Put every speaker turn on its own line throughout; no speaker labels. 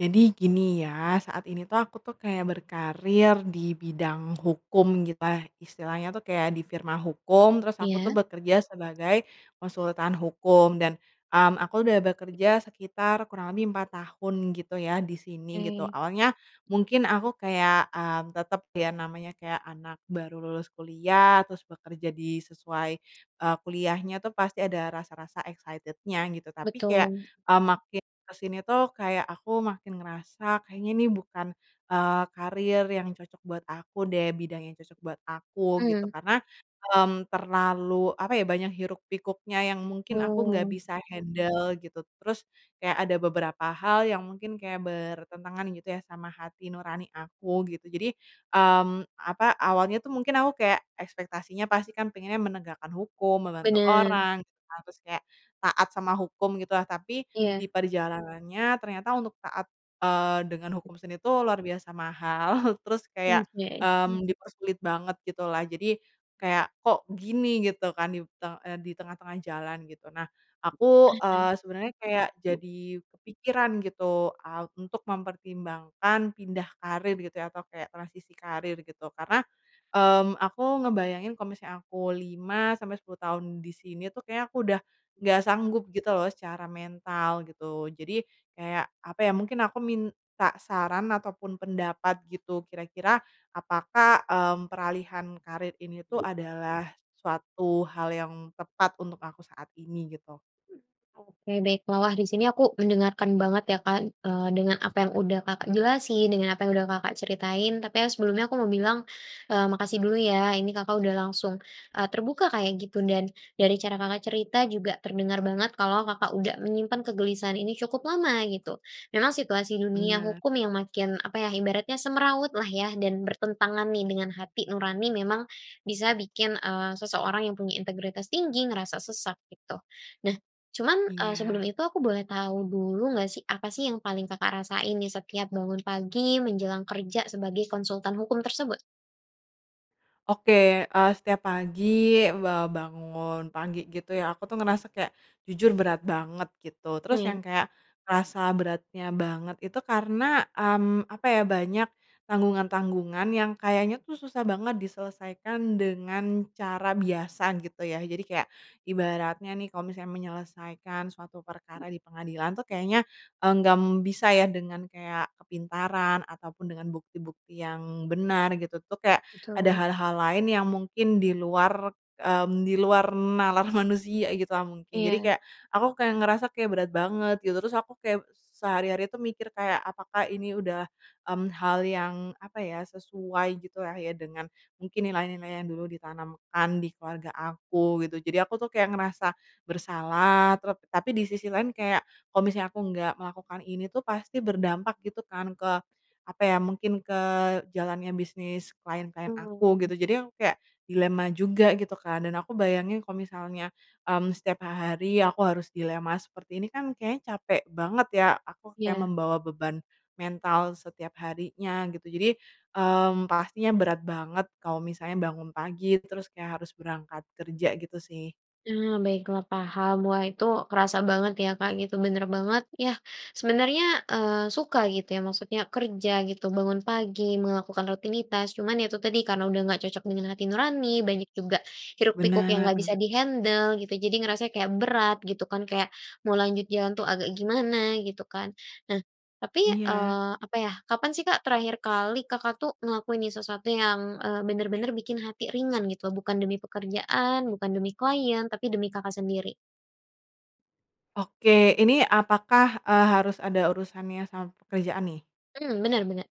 Jadi gini ya, saat ini tuh aku tuh kayak berkarier dibidang hukum gitulah istilahnya tuh kayak di firma hukum, terus aku tuh
Iya.
bekerja sebagai konsultan hukum dan, mmm, aku udah bekerja sekitar kurang lebih 4 tahun gitu ya di sini, gitu.
Oke.
Awalnya mungkin aku kayak, eee, tetap ya namanya kayak anak baru lulus kuliah terus bekerja di sesuai, eee, kuliahnya tuh pasti ada rasa-rasa excited-nya gitu. Tapi kayak,
Betul.
eee, makin kesini tuh kayak aku makin ngerasa kayaknya ini bukan, eee, karier yang cocok buat aku deh, bidang yang cocok buat aku, gitu.
Mmm.
Karena, mmm, terlalu, apa ya, banyak hiruk-pikuknya yang mungkin aku nggak
Hmm.
bisa handel gitu, terus kayak ada beberapa hal yang mungkin kayak bertentangan gitu ya sama hati nurani aku, gitu. Jadi, mmm, apa, awalnya tuh mungkin aku kayak ekspektasinya pasti kan pengennya menegakkan hukum, membantu
Bener.
orang gitu kan, terus kayak taat sama hukum, gitu lah. Tapi di
Iya.
perjalanannya ternyata untuk taat, eee, dengan hukum sini tuh luar biasa mahal, terus kayak,
Oke.
mmm, dipersulit banget gitu lah, jadi kayak kok gini gitu kan dip te eee, di tengah-tengah jalan, gitu. Nah aku, eee,
Mhm.
sebenernya kayak jadi kepikiran gitu, a untuk mempertimbangkan pindah karier gitu ya, atau kayak transisi karier gitu karena, mmm, aku ngebayangin kalo misalnya aku 5 sampai 10 tahun di sini tuh kayaknya aku udah nggak sanggup gitu loh secara mental, gitu. Jadi kayak, apa ya, mungkin aku minta saran ataupun pendapat gitu kira-kira apakah, mmm, peralihan karier ini tuh adalah suatu hal yang tepat untuk aku saat ini, gitu?
Mmm, oke, baiklah, wah, di sini aku mendengarkan banget ya Kak, eee, dengan apa yang udah Kakak jelasin, dengan apa yang udah Kakak ceritain. Tapi ya sebelumnya aku mau bilang, eee, makasih dulu ya ini Kakak udah langsung, eee, terbuka kaya gitu dan dari cara Kakak cerita juga terdengar banget kalau Kakak udah menyimpan kegelisahan ini cukup lama, gitu. Memang situasi di dunia
Bener.
hukum yang makin, apa ya, ibaratnya semrawut lah ya dan bertentangan nih dengan hati nurani memang bisa bikin, eee, seseorang yang punya integritas tinggi ngerasa sesak, gitu. Nah cuman, eee, sebelum
Iya.
itu aku boleh tahu dulu nggak sih, apa sih yang paling Kakak rasain nih setiap bangun pagi menjelang kerja sebagai konsultan hukum tersebut?
Oke, eee, setiap pagi ba bangun pagi gitu ya, aku tuh ngerasa kayak jujur berat banget gitu, terus
Iya.
yang kayak ngerasa beratnya banget itu karena, mmm, apa ya, banyak tanggungan-tanggungan yang kayaknya tuh susah banget diselesaikan dengan cara biasa, gitu ya. Jadi kayak ibaratnya nih kalau misalnya menyelesaikan suatu perkara di pengadilan tuh kayaknya enggak bisa ya dengan kayak kepintaran ataupun dengan bukti-bukti yang benar gitu tuh, kayak ada
Betul.
hal-hal lain yang mungkin di luar, mmm, di luar nalar manusia gitulah mungkin. Jadi
Iya.
kayak aku kayak ngerasa kayak berat banget gitu, terus aku kayak s sehari-hari tuh mikir kayak, apakah ini udah, mmm, hal yang, apa ya, sesuai gitu lah ya dengan mungkin nilai-nilai yang dulu ditanamkan di keluarga aku, gitu. Jadi aku tuh kayak ngerasa bersalah trap tapi di sisi lain kayak, kalau misalnya aku nggak melakukan ini tuh pasti berdampak gitu kan ke, apa ya, mungkin ke jalannya bisnis klien-klien aku,
Mmm.
gitu. Jadi aku kayak dilema juga gitu kan dan aku bayangin kalo misalnya, mmm, setiap ha hari aku harus dilema seperti ini kan kayaknya capek banget ya. Aku kayak
Iya.
membawa beban mental setiap harinya gitu jadi, mmm, pastinya berat banget kalau misalnya bangun pagi terus kayak harus berangkat kerja, gitu sih.
Ah, baiklah, paham. Wah itu kerasa banget ya Kak gitu, bener banget yah. Sebenarnya, eee, suka gitu ya maksudnya kerja gitu bangun pagi, melakukan rutinitas cuman ya itu tadi karena udah nggak cocok dengan hati nurani, banyak juga hiruk-pikuk yang
Bener
nggak bisa
bener.
dihandel gitu, jadi ngerasanya kayak berat gitu kan, kayak mau lanjut jalan tuh agak gimana gitu kan. Nah tapi,
Iya.
eee, apa yah, kapan sih Kak terakhir kali Kakak tuh ngelakuin ini sesuatu yang, eee, bener-bener bikin hati ringan gitu bukan demi pekerjaan, bukan demi klien, tapi demi Kakak sendiri?
Oke, ini apakah, eee, harus ada urusannya sama pekerjaan nih?
Mmm, bener bener.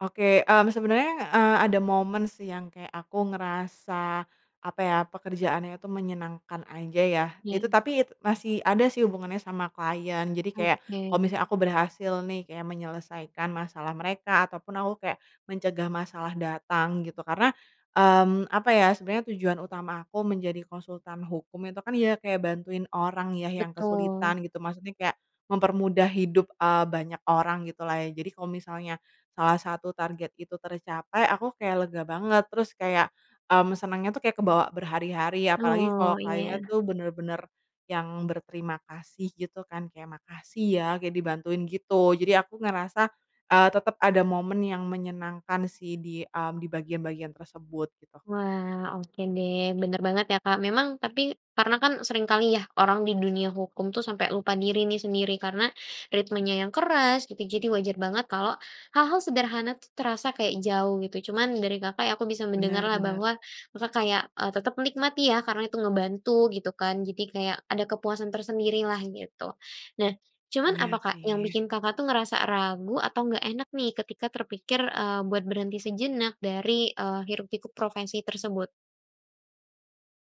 Oke, mmm, sebenernya, eee, ada momen sih yang kayak aku ngerasa, apa ya, pekerjaannya tuh menyenangkan aja ya, itu
Iya.
tapi masih ada sih hubungannya sama klien. Jadi kayak kalo
Oke.
misalnya aku berhasil nih kayak menyelesaikan masalah mereka, ataupun aku kayak mencegah masalah datang gitu karena, mmm, apa ya, sebenernya tujuan utama aku menjadi konsultan hukum itu kan ya kayak bantuin orang yah yang
Betul.
kesulitan gitu, maksudnya kayak mempermudah hidup, eee, banyak orang gitulah ya. Jadi kalo misalnya salah satu target itu tercapai, aku kayak lega banget terus kayak, mmm, senengnya tuh kayak kebawa berhari-hari apalagi
Oh,
kalo kliennya
iya.
tuh bener-bener yang berterima kasih gitu kan kayak, "Makasih ya kayak dibantuin gitu." Jadi aku ngerasa, eee, tetep ada momen yang menyenangkan sih di, mmm, di bagian-bagian tersebut, gitu.
Wah, oke deh. Bener banget ya Kak, memang tapi karena kan seringkali yah orang di dunia hukum tuh sampe lupa diri nih sendiri, karena ritmenya yang keras gitu, jadi wajar banget kalau hal-hal sederhana tuh terasa kayak jauh, gitu. Cuman dari Kakak ya aku bisa
Bener
mendengarlah
bener.
bahwa Kakak kayak, eee, tetep menikmati ya karena itu ngebantu gitu kan, jadi kayak ada kepuasan tersendiri lah, gitu. Nah cuman apa
Iya,
Kak yang
sih.
bikin Kakak tuh ngerasa ragu atau nggak enak nih ketika terpikir, eee, buat berhenti sejenak dari, eee, hiruk-pikuk profesi tersebut?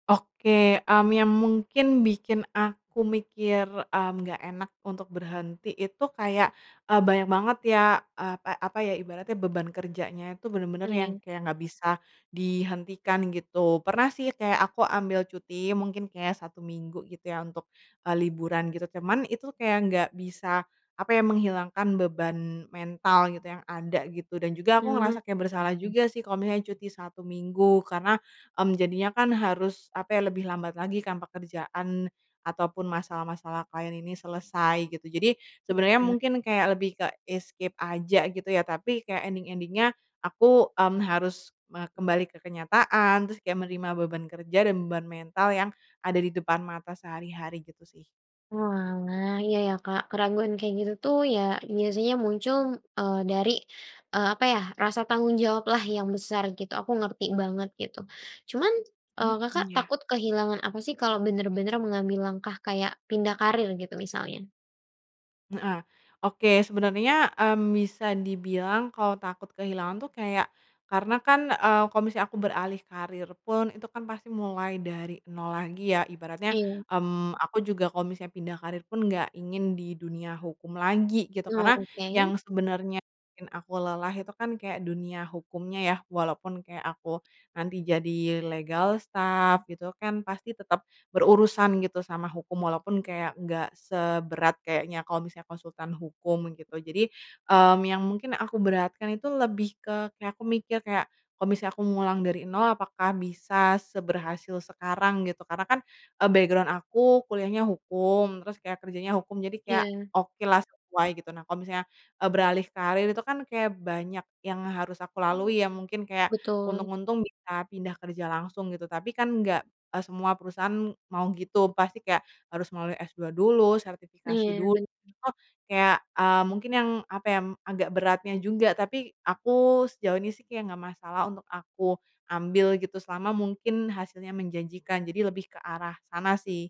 Oke, mmm, yang mungkin bikin aku mikir, mmm, nggak enak untuk berhenti itu kayak, eee, banyak banget ya, eee, pa apa ya, ibaratnya beban kerjanya tuh bener-bener yang
Oke.
kayak nggak bisa dihentikan, gitu. Pernah sih kayak aku ambil cuti mungkin kayak 1 minggu gitu ya untuk, eee, liburan, gitu. Cuman itu kayak nggak bisa, apa ya, menghilangkan beban mental gitu yang ada gitu dan juga aku
Hmm,
ngerasa kayak bersalah
baik.
juga sih kalo misalnya cuti 1 minggu karena, mmm, jadinya kan harus, apa ya, lebih lambat lagi kan pekerjaan ataupun masalah-masalah klien ini selesai, gitu. Jadi sebenernya
Iya.
mungkin kayak lebih ke escape aja gitu ya, tapi kayak ending-ending-nya aku, mmm, harus me kembali ke kenyataan, terus kayak menerima beban kerja dan beban mental yang ada di depan mata sehari-hari, gitu sih.
Oalah, iya iya Kak, keraguan kayak gitu tuh ya biasanya muncul, eee, dari, eee, apa ya, rasa tanggung jawab lah yang besar, gitu. Aku ngerti banget gitu cuman, eee,
Mhm,
Kakak
iya.
takut kehilangan apa sih kalau bener-bener mengambil langkah kayak pindah karier gitu misalnya?
Heeh, oke sebenernya, mmm, bisa dibilang kalo takut kehilangan tuh kayak karena kan, eee, kalo misalnya aku beralih karier pun itu kan pasti mulai dari nol lagi ya. Ibaratnya,
Iya.
mmm, aku juga kalo misalnya pindah karier pun nggak ingin di dunia hukum lagi, gitu.
Oh,
Karena
oke.
yang sebenernya bikin aku lelah itu kan kayak dunia hukumnya ya, walaupun kayak aku nanti jadi legal staff gitu kan, pasti tetep berurusan gitu sama hukum, walaupun kayak nggak seberat kayaknya kalo misalnya konsultan hukum, gitu. Jadi, mmm, yang mungkin aku beratkan itu lebih ke kayak, aku mikir kayak kalo misalnya aku ngulang dari nol, apakah bisa seberhasil sekarang? Gitu, karena kan, eee, background aku kuliahnya hukum, terus kayak kerjanya hukum, jadi kayak
Iya.
okelah sesuai, gitu. Nah kalo misalnya, eee, beralih karier itu kan kayak banyak yang harus aku
Mmm.
lalui ya. Mungkin kayak
Betul.
untung-untung bisa pindah kerja langsung gitu tapi kan nggak, eee, semua perusahaan mau gitu, pasti kayak harus melalui S2 dulu, sertifikasi
Iya,
dulu,
bener.
terus kayak, mmm, mungkin yang, apa ya, m agak beratnya juga, tapi aku sejauh ini sih ya nggak masalah untuk aku ambil gitu selama mungkin hasilnya menjanjikan, jadi lebih ke arah sana sih.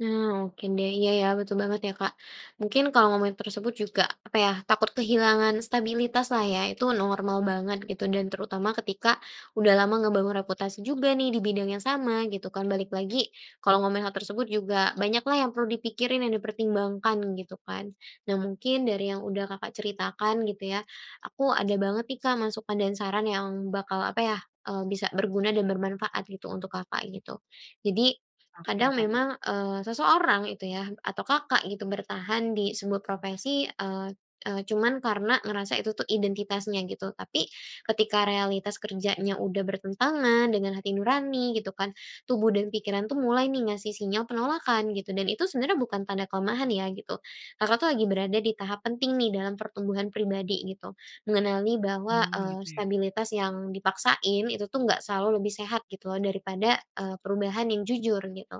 Nah oke deh, iya ya betul banget ya, Kak. Mungkin kalau ngomongin tersebut juga, apa ya, takut kehilangan stabilitaslah ya. Itu normal banget gitu dan terutama ketika udah lama ngebangun reputasi juga nih dibidang yang sama gitu kan, balik lagi kalau ngomongin hal tersebut juga banyaklah yang perlu dipikirin, yang dipertimbangkan gitu kan. Nah, mungkin dari yang udah Kakak ceritakan gitu ya, aku ada banget nih Kak masukan dan saran yang bakal, apa ya, eee, bisa berguna dan bermanfaat gitu untuk Kakak, gitu. Jadi
Oke,
kadang
apa tuh?
memang, eee, seseorang itu yah atau Kakak gitu bertahan disebuah profesi, eee eee, cuman karena ngerasa itu tuh identitasnya, gitu. Tapi ketika realitas kerjanya udah bertentangan dengan hati nurani gitu kan, tubuh dan pikiran tuh mulai nih ngasih sinyal penolakan gitu dan itu sebenarnya bukan tanda kelemahan ya gitu, Kakak tuh lagi berada di tahap penting nih dalam pertumbuhan pribadi, gitu. Mengenali bahwa,
Mmm,
eee,
gitu ya?
stabilitas yang dipaksain itu tuh enggak selalu lebih sehat gitu loh daripada, eee, perubahan yang jujur, gitu.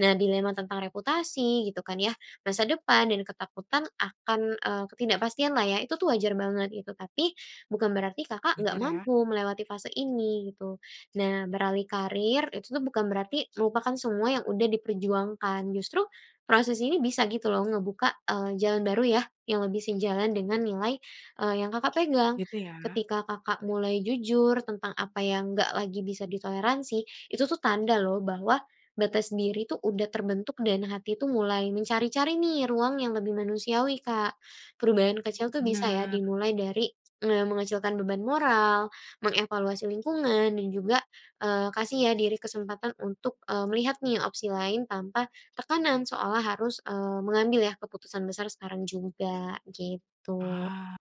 Nah, dilema tentang reputasi gitu kan ya, masa depan dan ketakutan akan, eee, ketidakpastianlah ya, itu tuh wajar banget gitu, tapi bukan berarti Kakak nggak
Wajar ya.
mampu melewati fase ini, gitu. Nah, beralih karier itu tuh bukan berarti melupakan semua yang udah diperjuangkan, justru proses ini bisa gitu loh ngebuka, eee, jalan baru yah yang lebih sejalan dengan nilai, eee, yang Kakak pegang.
Gitu ya.
Ketika, Kakak mulai jujur tentang apa yang nggak lagi bisa ditoleransi, itu tuh tanda loh bahwa batas diri tuh udah terbentuk dan hati tuh mulai mencari-cari nih ruang yang lebih manusiawi, Kak. Perubahan kecil tuh bisa ya
Bener.
dimulai dari, eee, mengecilkan beban moral, mengevaluasi lingkungan, dan juga, eee, kasih ya diri kesempatan untuk, eee, melihat nih opsi lain tanpa tekanan seolah harus, eee, mengambil ya keputusan besar sekarang juga, gitu.
Ah,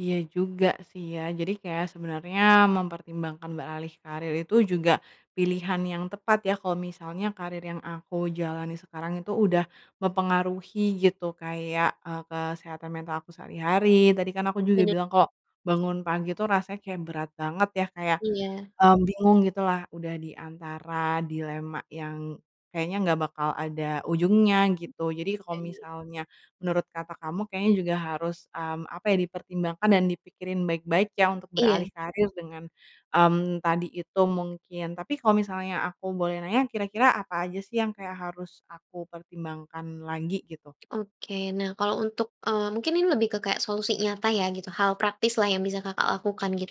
iya juga sih ya, jadi kayak sebenernya mempertimbangkan beralih karier itu juga pilihan yang tepat ya. Kalau misalnya karier yang aku jalani sekarang itu udah mempengaruhi gitu kayak, eee, kesehatan mental aku sehari-hari, tadi kan aku juga
Bener.
bilang kalo bangun pagi tuh rasanya kayak berat banget ya kayak,
Iya.
eee, bingung gitulah udah di antara dilema yang kayaknya nggak bakal ada ujungnya, gitu. Jadi kalo
Baik.
misalnya menurut kata kamu kayaknya juga harus, mmm, apa ya, dipertimbangkan dan dipikirin baik-baik ya untuk
Iya.
beralih karier dengan, mmm, tadi itu mungkin. Tapi kalo misalnya aku boleh nanya, kira-kira apa aja sih yang kayak harus aku pertimbangkan lagi gitu?
Oke, nah kalau untuk eee, mungkin ini lebih ke kayak solusi nyata ya gitu, hal praktislah yang bisa Kakak lakukan, gitu.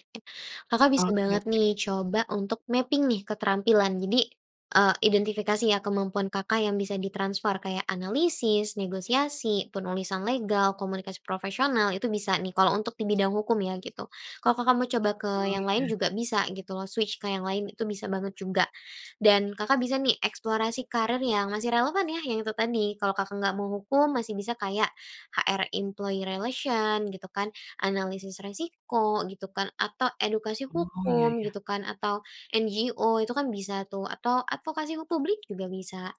Kakak bisa banget
Oke.
nih coba untuk mapping nih keterampilan jadi, eee, identifikasi ya kemampuan Kakak yang bisa ditransfer kayak analisis, negosiasi, penulisan legal, komunikasi profesional, itu bisa nih kalo untuk dibidang hukum ya, gitu. Kalo Kakak mau coba ke
Oh,
yang lain
iya.
juga bisa gitu loh, switch ke yang lain itu bisa banget juga, dan Kakak bisa nih eksplorasi karier yang masih relevan ya, yang itu tadi kalau Kakak nggak mau hukum masih bisa kayak HR Employee Relation gitu kan, analisis resiko gitu kan, atau edukasi
Oh, iya
hukum
iya.
gitu kan, atau NGO itu kan bisa tuh atau advokasi hu publik juga bisa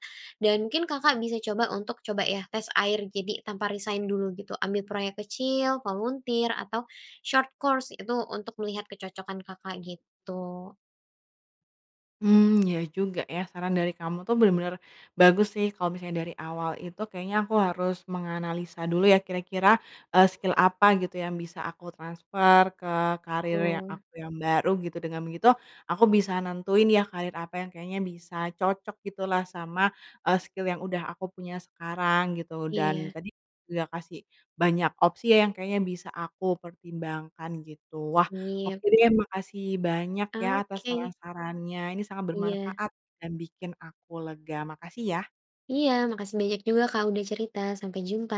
dan mungkin Kakak bisa coba untuk coba ya tes air, jadi tanpa resign dulu gitu, ambil proyek kecil, volunteer atau short course, itu untuk melihat kecocokan Kakak, gitu.
Mmm, iya juga ya. Saran dari kamu tuh bener-bener bagus sih, kalo misalnya dari awal itu kayaknya aku harus menganalisa dulu ya kira-kira, eee, skill apa gitu yang bisa aku transfer ke karier yang
Betul.
aku yang baru, gitu. Dengan begitu aku bisa nentuin ya karier apa yang kayaknya bisa cocok gitulah sama, eee, skill yang udah aku punya sekarang gitu, dan
Iya.
tadi juga kasih banyak opsi ya yang kayaknya bisa aku pertimbangkan gitu. Wah
Sip.
oke deh, makasih banyak ya atas
Oke.
saran-sarannya, ini sangat
Iya.
bermanfaat dan bikin aku lega, makasih ya.
Iya, makasih banyak juga Kak udah cerita, sampai jumpa.